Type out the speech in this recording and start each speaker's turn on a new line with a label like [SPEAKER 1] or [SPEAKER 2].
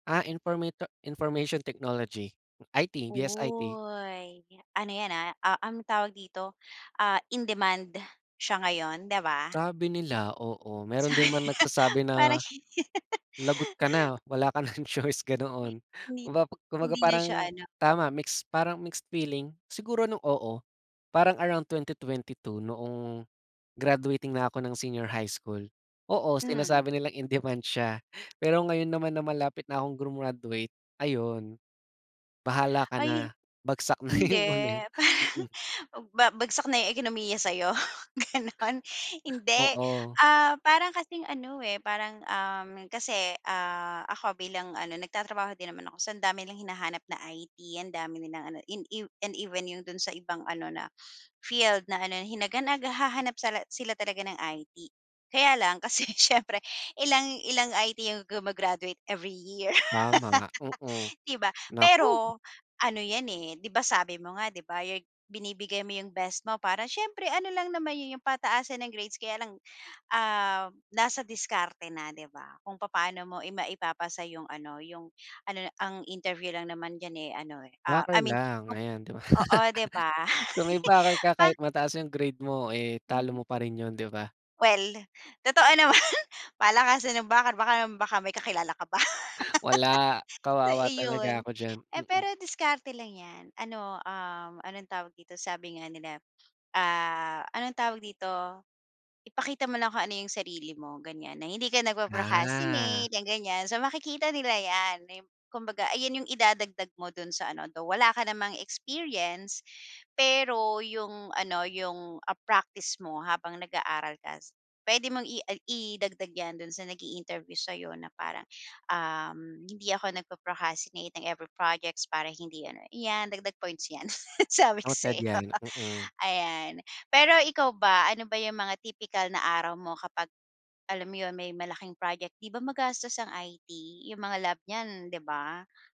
[SPEAKER 1] A informato information Technology, IT, BSIT.
[SPEAKER 2] Uy, ano 'yan, ah, ah, um, tawag dito, ah, in-demand siya ngayon, di ba?
[SPEAKER 1] Sabi nila, oo, meron don
[SPEAKER 2] Sabi,
[SPEAKER 1] man nagsasabi
[SPEAKER 2] parang
[SPEAKER 1] na, "Lagot ka na wala ka ng choice,"
[SPEAKER 2] 'Di
[SPEAKER 1] ganoon.
[SPEAKER 2] Hindi
[SPEAKER 1] Kumba kumbaga
[SPEAKER 2] hindi na
[SPEAKER 1] parang
[SPEAKER 2] siya ano
[SPEAKER 1] tama mix, parang mixed feeling. Siguro nung oo, parang around 2022 noong graduating na ako ng senior high school. Oo,
[SPEAKER 2] Hmm.
[SPEAKER 1] sinasabi nilang in-demand siya pero ngayon naman na malapit na akong grumaduate ayun, bahala ka
[SPEAKER 2] Ay, eh,
[SPEAKER 1] na bagsak na yun
[SPEAKER 2] hindi
[SPEAKER 1] ulit.
[SPEAKER 2] parang
[SPEAKER 1] Mm.
[SPEAKER 2] mag ba bagsak na 'yong ekonomiya sa'yo gano'n. Hindi,
[SPEAKER 1] Oo.
[SPEAKER 2] ah, parang kasing ano, eh, parang, um, kasi, ah, ako bilang ano nagtatrabaho din naman ako. So, ang dami nilang hinahanap na IT, ang dami nilang ano in ev and even 'yong do'n sa ibang ano na field na ano hinagan naghahanap sala sila talaga ng IT. Kaya lang kasi siyempre ilang ilang IT 'yong guma-graduate every year,
[SPEAKER 1] Tama, mm.
[SPEAKER 2] di ba?
[SPEAKER 1] Naku.
[SPEAKER 2] Pero ano 'yan, eh, di ba, sabi mo nga, di ba, your g binibigay mo yung best mo para siyempre ano lang naman yun yung pataasan ng grades kaya lang, um, nasa diskarte na, di ba? Kung papaano mo ima maipapasa yung ano, yung ano na ang interview lang naman diyan, eh, ano, eh, ah, I
[SPEAKER 1] Backer
[SPEAKER 2] mean,
[SPEAKER 1] lang
[SPEAKER 2] om
[SPEAKER 1] ayan, di ba?
[SPEAKER 2] oo, di ba?
[SPEAKER 1] Kung may backer ka
[SPEAKER 2] Pa
[SPEAKER 1] kahit mataas yung grade mo, eh,
[SPEAKER 2] Hmm,
[SPEAKER 1] talo
[SPEAKER 2] nga
[SPEAKER 1] mo pa rin yun, di ba?
[SPEAKER 2] Well, totoo naman. Palakasan ng backer bakam baka may kakilala ka pa
[SPEAKER 1] Wala
[SPEAKER 2] So,
[SPEAKER 1] kawawa talaga
[SPEAKER 2] iyon.
[SPEAKER 1] ako diyan,
[SPEAKER 2] Eh,
[SPEAKER 1] mm.
[SPEAKER 2] pero diskarte lang 'yan ano, um, anong tawag dito? Sabi nga nila, ah, anong tawag dito? Ipakita mo lang kung ano yung sarili mo ganyan na hindi ka
[SPEAKER 1] Ah.
[SPEAKER 2] nagpo-procastinate yang gan'yan. So, makikita nila 'yan. Ayon, kumbaga ayan yung idadagdag mo dun sa ano though wala ka namang experience. Pero yung ano, yung, ah, practice mo habang nag-aaral ka s puwede mong i ag idagdag 'yan dun sa nag-i-interview sa'yo na parang, um, hindi ako nagpo-procrastinate ng every projects para hindi ano, iyan dagdag points 'yan, sabi ko sa
[SPEAKER 1] Noted
[SPEAKER 2] iyo.
[SPEAKER 1] 'yan, mm.
[SPEAKER 2] Ayan, pero ikaw ba ano ba yung mga tipikal na araw mo kapag alam mo yun? May malaking project, di ba, magastos ang IT yung mga lab niyan, di ba?